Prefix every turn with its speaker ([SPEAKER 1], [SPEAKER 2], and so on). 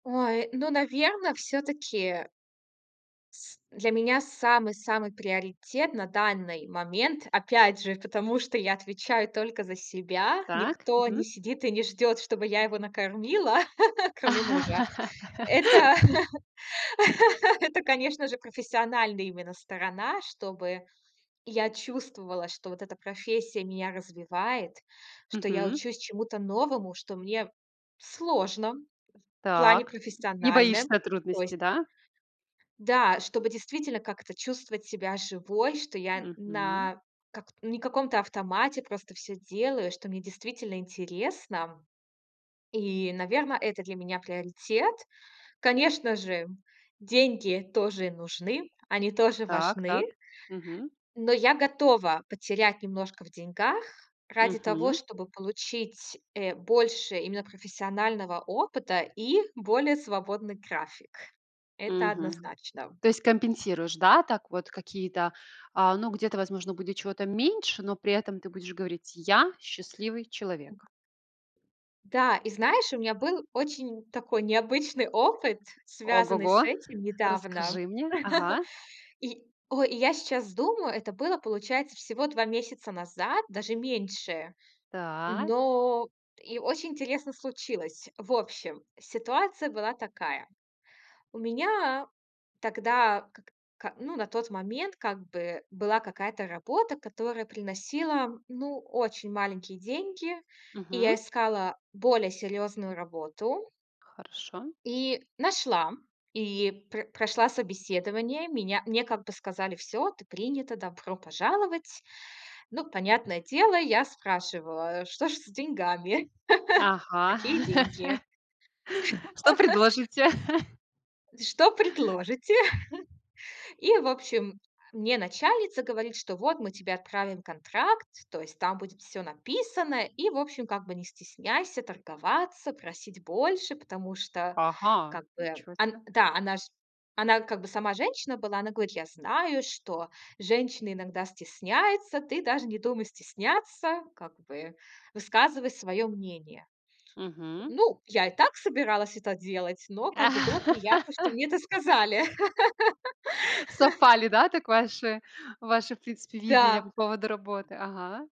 [SPEAKER 1] Ой, ну, наверно, всё-таки с для меня самый-самый приоритет на данный момент, опять же, потому что я отвечаю только за себя.
[SPEAKER 2] Так.
[SPEAKER 1] Никто не
[SPEAKER 2] Мгм.
[SPEAKER 1] сидит и не ждет, чтобы я его накормила, кроме мужа. Это это, конечно же, профессиональная именно сторона. Чтобы я чувствовала, что вот эта профессия меня развивает, что я
[SPEAKER 2] Мгм.
[SPEAKER 1] учусь чему-то новому, что мне сложно в плане
[SPEAKER 2] Так. Не
[SPEAKER 1] профессиональном.
[SPEAKER 2] боишься
[SPEAKER 1] То есть
[SPEAKER 2] трудностей, да?
[SPEAKER 1] Да, чтобы действительно как-то чувствовать себя живой, что я
[SPEAKER 2] Мгм.
[SPEAKER 1] на как не каком-то автомате просто всё делаю, что мне действительно интересно. И, наверно, это для меня приоритет. Конечно же, деньги тоже нужны. Они тоже важны
[SPEAKER 2] Так-так. Мгм.
[SPEAKER 1] но я готова потерять немножко в деньгах ради того,
[SPEAKER 2] Мгм.
[SPEAKER 1] чтобы получить, э, больше именно профессионального опыта, и более свободный график. Это
[SPEAKER 2] Мгм.
[SPEAKER 1] однозначно.
[SPEAKER 2] То есть, компенсируешь, да? Так вот, какие-то, а, ну, где-то, возможно, будет чего-то меньше, но при этом ты будешь говорить: "Я- счастливый человек!"?
[SPEAKER 1] [unintelligible] Да, и знаешь, у меня был очень такой необычный опыт, связанный
[SPEAKER 2] Ого-го-го!
[SPEAKER 1] с этим недавно.
[SPEAKER 2] Расскажи мне. Ага.
[SPEAKER 1] И о и я сейчас думаю, это было, получается, всего 2 месяца назад, даже меньше.
[SPEAKER 2] Так.
[SPEAKER 1] Но и очень интересно случилось. В общем, ситуация была такая. У меня тогда, как ка ну, на тот момент как бы, была какая-то работа, которая приносила, ну, очень маленькие деньги. И я
[SPEAKER 2] Мгм.
[SPEAKER 1] искала более серьезную работу
[SPEAKER 2] Хорошо.
[SPEAKER 1] и нашла, и пр прошла собеседование. Меня мне как бы сказали: "Всё, ты принята. Добро пожаловать!". Ну, понятное дело, я спрашиваю: "А, что ж с деньгами?
[SPEAKER 2] Ага.
[SPEAKER 1] Какие деньги?"
[SPEAKER 2] "Что предложите?"
[SPEAKER 1] "Что предложите?" И, в общем, э, мне начальница говорит, что: "Вот мы тебе отправим контракт. То есть там будет всё написано. И, в общем, как бы не стесняйся торговаться, просить больше, потому что
[SPEAKER 2] Ага,
[SPEAKER 1] как бы"
[SPEAKER 2] ничё се.
[SPEAKER 1] ан да, она ж она как бы сама женщина была. Она говорит: "Я знаю, что женщины иногда стесняются. Ты даже не думай стесняться. Как бы высказывай свое мнение."
[SPEAKER 2] Мгм.
[SPEAKER 1] Ну, я и так собиралась это делать. Но как бы было приятно, что мне это сказали.
[SPEAKER 2] Совпали, да, так ваши ваше, в принципе, видение по
[SPEAKER 1] Да.
[SPEAKER 2] поводу работы? Ага.